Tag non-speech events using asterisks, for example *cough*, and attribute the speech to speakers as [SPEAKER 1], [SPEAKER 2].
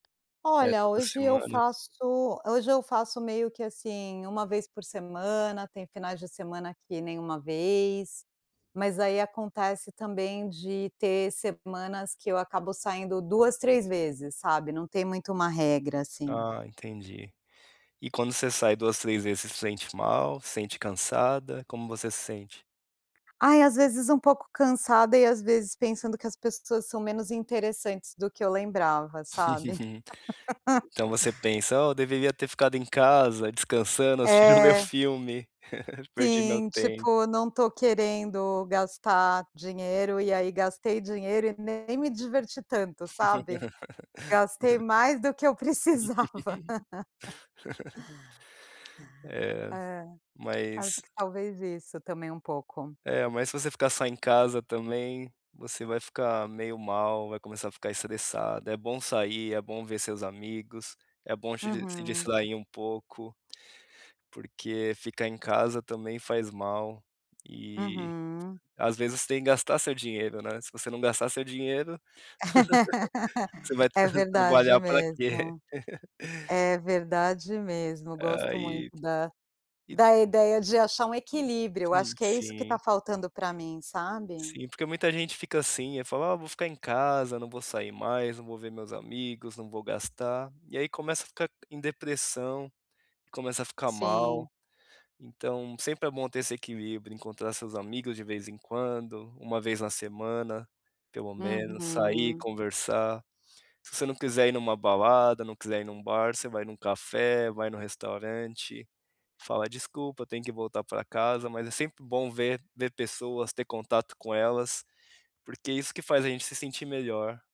[SPEAKER 1] É
[SPEAKER 2] Olha,
[SPEAKER 1] toda
[SPEAKER 2] hoje eu
[SPEAKER 1] semana?
[SPEAKER 2] faço hoje eu faço meio que assim, 1 vez por semana, tem finais de semana que nem uma vez, mas aí acontece também de ter semanas que eu acabo saindo 2, 3 vezes, sabe, não tem muito uma regra assim.
[SPEAKER 1] Ah entendi. E quando você sai 2, 3 vezes, sente mal, sente cansada, como você se sente?
[SPEAKER 2] Ai às vezes um pouco cansada e às vezes pensando que as pessoas são menos interessantes do que eu lembrava, sabe.
[SPEAKER 1] *giggles*
[SPEAKER 2] *chuckles*
[SPEAKER 1] Então você pensa: "Ah, eu deveria ter ficado em casa, descansando, assistindo o meu
[SPEAKER 2] É.
[SPEAKER 1] filme, *giggles* perdi meu
[SPEAKER 2] Sim,
[SPEAKER 1] tempo".
[SPEAKER 2] tipo, não estou querendo gastar dinheiro, e aí gastei dinheiro e nem me diverti tanto, sabe gastei
[SPEAKER 1] *laughs*
[SPEAKER 2] mais do que eu precisava. *chuckles*
[SPEAKER 1] *laughs* É
[SPEAKER 2] É, acho
[SPEAKER 1] mas
[SPEAKER 2] que talvez isso também um pouco.
[SPEAKER 1] é mas se você ficar só em casa também, você vai ficar meio mal, vai começar a ficar estressada, é bom sair, é bom ver seus amigos, é bom se dis se
[SPEAKER 2] Uhum.
[SPEAKER 1] distrair um pouco, porque ficar em casa também faz mal, e
[SPEAKER 2] Uhum.
[SPEAKER 1] às vezes você tem que gastar seu dinheiro, né, se você não gastar seu dinheiro,
[SPEAKER 2] *laughs*
[SPEAKER 1] *chuckles* você
[SPEAKER 2] É
[SPEAKER 1] vai
[SPEAKER 2] verdade
[SPEAKER 1] trabalhar para quê?
[SPEAKER 2] mesmo. É verdade mesmo, gosto
[SPEAKER 1] Aí
[SPEAKER 2] muito da,
[SPEAKER 1] e *unintelligible*
[SPEAKER 2] da ideia de achar um equilíbrio,
[SPEAKER 1] Sim,
[SPEAKER 2] acho que é isso que está
[SPEAKER 1] sim.
[SPEAKER 2] faltando para mim, sabe.
[SPEAKER 1] Sim, porque muita gente fica assim, eu falo: "Ah vou ficar em casa, não vou sair mais, não vou ver meus amigos, não vou gastar", e aí começa a ficar em depressão, e começa a ficar mal.
[SPEAKER 2] Sim.
[SPEAKER 1] Então sempre é bom ter esse equilíbrio, encontrar seus amigos de vez em quando, 1 vez na semana, pelo menos, sair,
[SPEAKER 2] Uhum.
[SPEAKER 1] conversar. Se você não quiser ir em uma balada, não quiser ir em um bar, você vai em um café, vai no restaurante, fala: "Desculpa, tem que voltar para casa", mas é sempre bom ver ver pessoas, ter contato com elas, porque isso que faz a gente se sentir melhor.